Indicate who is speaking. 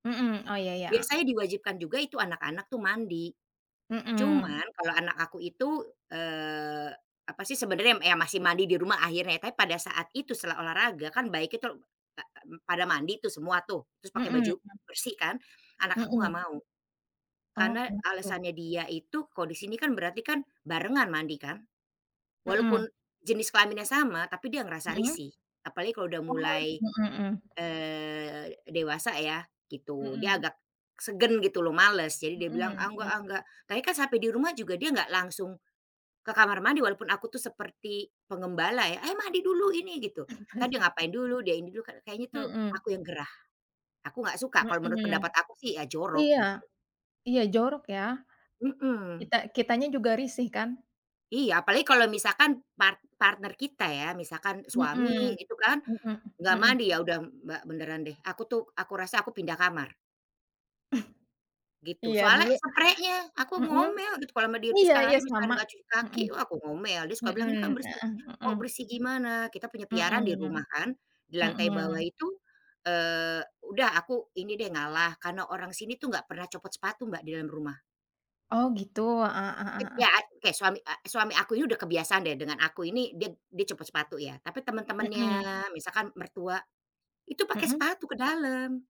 Speaker 1: Mhm, oh iya iya, heeh.
Speaker 2: Biasanya diwajibkan juga itu anak-anak tuh mandi,
Speaker 1: Mhm.
Speaker 2: cuman kalau anak aku itu, eee, apa sih sebenernya, yam ya masih mandi di rumah akhirnya. Tapi pada saat itu setelah olahraga kan baik itu, a a pada mandi tuh semua tuh, terus pakai
Speaker 1: Mhm.
Speaker 2: baju bersih kan, anak aku nggak
Speaker 1: Mhm.
Speaker 2: mau.
Speaker 1: Oh,
Speaker 2: Karena
Speaker 1: kenapa tuh?
Speaker 2: alasannya dia itu kalau di sini kan berarti kan barengan mandi kan.
Speaker 1: Mhm.
Speaker 2: Walaupun jenis kelaminnya sama, tapi dia ngerasa
Speaker 1: Mhm.
Speaker 2: risih, apalagi kalau udah
Speaker 1: Oh,
Speaker 2: mulai,
Speaker 1: mhm mhm.
Speaker 2: eee, dewasa ya, gitu. Dia
Speaker 1: Mhm.
Speaker 2: agak segan gitu loh, males, jadi dia bilang "ah
Speaker 1: Mhm,
Speaker 2: nggak
Speaker 1: m
Speaker 2: ah nggak" tapi kan sampai di rumah juga dia nggak langsung ke kamar mandi, walaupun aku tuh seperti penggembala ya, eh mandi dulu ini, gitu. Entar dia ngapain dulu, dia ini dulu kayaknya tuh
Speaker 1: Mhm.
Speaker 2: aku yang gerah, aku nggak suka, kalau menurut pendapat
Speaker 1: Mhm.
Speaker 2: aku sih ya jorok,
Speaker 1: Iya.
Speaker 2: gitu.
Speaker 1: Iya jorok ya,
Speaker 2: Mhm.
Speaker 1: kita kitanya juga risih kan.
Speaker 2: Iya, apalagi kalau misalkan part partner kita ya, misalkan suami
Speaker 1: Mhm.
Speaker 2: itu kan
Speaker 1: Mhm,
Speaker 2: nggak
Speaker 1: mhm.
Speaker 2: mandi, ya udah Mbak beneran deh, aku tuh aku rasa aku pindah kamar. Gitu,
Speaker 1: Iya
Speaker 2: soalnya
Speaker 1: dulu,
Speaker 2: spreinya aku
Speaker 1: mhm,
Speaker 2: ngomel gitu kalo sama dia,
Speaker 1: iya iya,
Speaker 2: sekarang aja kalau misalnya
Speaker 1: sama,
Speaker 2: dia enggak cuci kaki,
Speaker 1: mhm.
Speaker 2: wah aku ngomel dia suka bilang,
Speaker 1: Mhm,
Speaker 2: "ini kan bersih."
Speaker 1: heeh, mhm.
Speaker 2: "Kok bersih gimana? Kita punya piaraan di
Speaker 1: Mhm.
Speaker 2: rumah kan, di lantai bawah
Speaker 1: Mhm.
Speaker 2: itu" eee, udah aku ini deh ngalah, karena orang sini tuh nggak pernah copot sepatu Mbak di dalam rumah.
Speaker 1: Oh gitu? Heeh heeh heeh heeh.
Speaker 2: Ya, kayak suami suami aku ini udah kebiasaan deh, dengan aku ini dia dia copot sepatu ya. Tapi
Speaker 1: Mhm.
Speaker 2: teman-temannya, misalkan mertua, itu pake
Speaker 1: Mhm.
Speaker 2: sepatu ke dalam.